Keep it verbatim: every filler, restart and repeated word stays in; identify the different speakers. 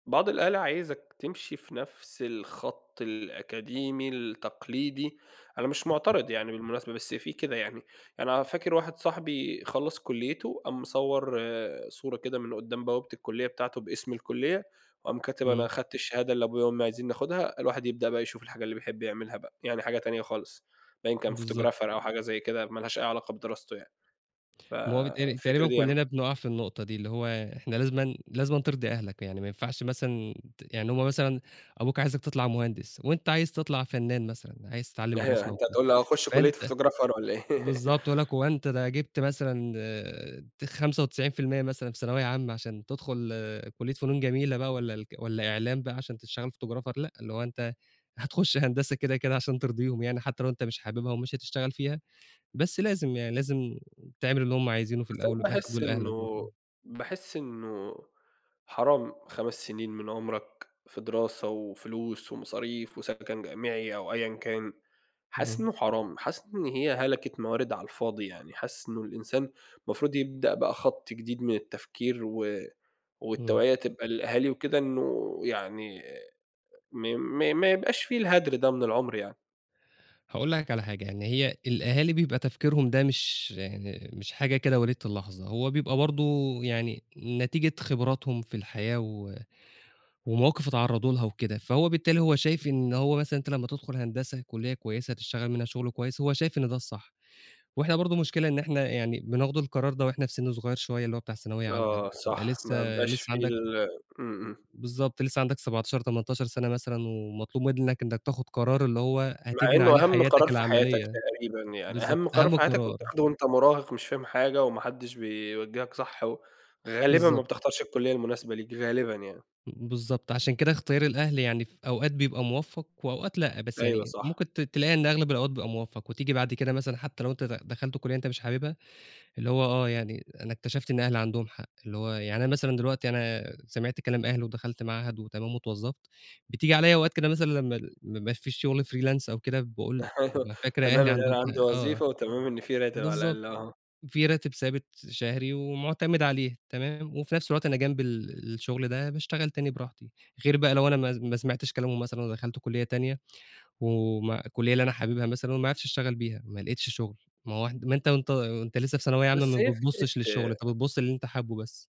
Speaker 1: بعض الأهالي، عايزك تمشي في نفس الخط الأكاديمي، التقليدي، أنا مش
Speaker 2: بالضبط.
Speaker 1: معترِض يعني بالمناسبة، بس في كده يعني يعني أنا فاكر واحد صاحبي خلّص كُلّيته، قام مصور صورة كده من قُدّام بوابة الكُلّية بتاعته باسم الكُلّية، وقام كاتب "أنا
Speaker 2: إمم.
Speaker 1: خدت الشهادة اللي أبويا وأمي عايزينني آخُدها، الواحد يبدأ بقى يشوف الحاجة اللي بيحب يعملها بقى." يعني حاجة تانية خالص، باين كان
Speaker 2: بالضبط.
Speaker 1: photographer أو حاجة زي كده، ما لهاش أي علاقة بدراسته يعني. ف
Speaker 2: ما هو بيتهيّأ لي
Speaker 1: الفكرة
Speaker 2: تقريبًا
Speaker 1: دي يعني.
Speaker 2: كلّنا بنُقع في النقطة دي، اللي هو إحنا لازمًا، لازمًا ترضي أهلك، يعني ما ينفعش مثلًا ت يعني هُم مثلًا أبوك عايزك تطلَع مهندس وأنت عايز تطلَع فنان مثلًا، عايز تتعلّم الرسم أو
Speaker 1: أنت
Speaker 2: كده،
Speaker 1: هتقول لي أخش كلية
Speaker 2: فأنت
Speaker 1: photographer والّا إيه.
Speaker 2: بالضبط يقول لك هو أنت ده جبت مثلًا ت خمسة وتسعين في المِيّة مثلًا في ثانوية عامة، عشان تدخُل كُلّية فنون جميلة بقى والّا الك إعلام بقى عشان تشتغل photographer لأ، اللي هو أنت هتخش هندسة كده، كده، عشان ترضيهم، يعني حتى لو أنت مش حاببها ومش هتشتغل فيها، بس لازم يعني، لازم تعمل اللي هم عايزينه في
Speaker 1: بس
Speaker 2: الأول
Speaker 1: أنا
Speaker 2: وفي الآخِر
Speaker 1: باحس
Speaker 2: دول أهلك
Speaker 1: إنه
Speaker 2: برضه.
Speaker 1: باحس إنه حرام خَمس سنين من عُمرك في دراسة وفلوس ومصاريف وسكَن جامعي أو أيًا كان، حاسس
Speaker 2: اهم.
Speaker 1: إنه حرام، حاسس إن هي هلَكة موارد على الفاضي، يعني حاسس إنه الإنسان المفروض يبدأ بقى خط جديد من التفكير و
Speaker 2: إمم.
Speaker 1: والتوعية تبقى للأهالي وكده إنه يعني ما ما ما يبقاش في الهَدر ده من العُمر يعني.
Speaker 2: هاقول لك على حاجة، يعني هي الأهالي بيبقى تفكيرهم ده مش مش حاجة كده وليدة اللحظة، هو بيبقى برضه يعني نتيجة خِبراتهم في الحياة و ومواقِف اتعرّضوا لها وكده. فهو بالتالي، هو شايف إن هو مثلًا أنت لما تدخُل هندسة، كُلّية كويسة هتشتغل منها شُغل كويس، هو شايف إن ده الصح. وإحنا برضه مشكلة إن إحنا يعني بناخد القرار ده وإحنا في سِن صغير شوية، اللي هو بتاع ثانوية عامة، أنت
Speaker 1: آه
Speaker 2: بتبقى
Speaker 1: صح،
Speaker 2: لسه
Speaker 1: ما بيبقاش
Speaker 2: لسه
Speaker 1: في
Speaker 2: عَندك
Speaker 1: ال إمم، إمم.
Speaker 2: بالضبط لسه عندك سبعتاشر، تمنتاشر سَنة مثلًا ومطلوب منك إنك تاخد قرار اللي هو
Speaker 1: مع
Speaker 2: هتبني عليه
Speaker 1: إنه أهم
Speaker 2: حياتك
Speaker 1: قرار في حياتك
Speaker 2: العملية،
Speaker 1: تقريبًا، يعني أهم
Speaker 2: بالضبط،
Speaker 1: قرار
Speaker 2: أهم
Speaker 1: في حياتك
Speaker 2: قرار.
Speaker 1: وبتاخده وأنت مُراهق مش فاهم حاجة وما حدش بيوجِّهك صح و غالبًا ما
Speaker 2: بالضبط.
Speaker 1: بتختارش الكُلّية المناسبة ليك، غالبًا يعني.
Speaker 2: بالضبط، عشان كده إختيار الأهل يعني في أوقات بيبقى مُوفّق وأوقات لأ، بس
Speaker 1: أيوه
Speaker 2: يعني
Speaker 1: صح.
Speaker 2: ممكن ت تلاقي إن أغلب الأوقات بيبقى مُوفّق وتيجي بعد كده مثلًا، حتى لو أنت د دخَلت كُلّية أنت مش حاببها، اللي هو آه، يعني أنا اكتشفت إن أهلي عَندهم حق، اللي هو يعني أنا مثلًا دلوقتي أنا سمعت كلام أهلي ودخَلت معهد وتمام واتوظّفت، بتيجي عليَّ أوقات كده مثلًا، لما ال ما يبقاش في شغل freelance أو كده، باقول
Speaker 1: أيوه
Speaker 2: بابقى فاكر
Speaker 1: تمام،
Speaker 2: أهلي
Speaker 1: إن
Speaker 2: عندهم
Speaker 1: أنا عندي
Speaker 2: حق. آه،
Speaker 1: وظيفة وتمام إن في راتب على
Speaker 2: بالضبط،
Speaker 1: الأقل، آه.
Speaker 2: في راتب ثابت شهري ومُعتمِد عليه، تمام، وفي نفس الوقت أنا جنب ال الشغل ده باشتغل تاني براحتي، غير بقى لو أنا ما ما سمَعتش كلامهم مثلًا ودخَلت كُلّية تانية وم والكُلّية اللي أنا حاببها مثلًا، وما عرِفتش أشتغل بيها، ما لقيتش شُغل، ما هو ما أنت وأنت لسه في ثانوية عامة ما
Speaker 1: بس هي
Speaker 2: بتبصش للشغل، أنت
Speaker 1: فكرة
Speaker 2: بتبص للي أنت حابُّه بس.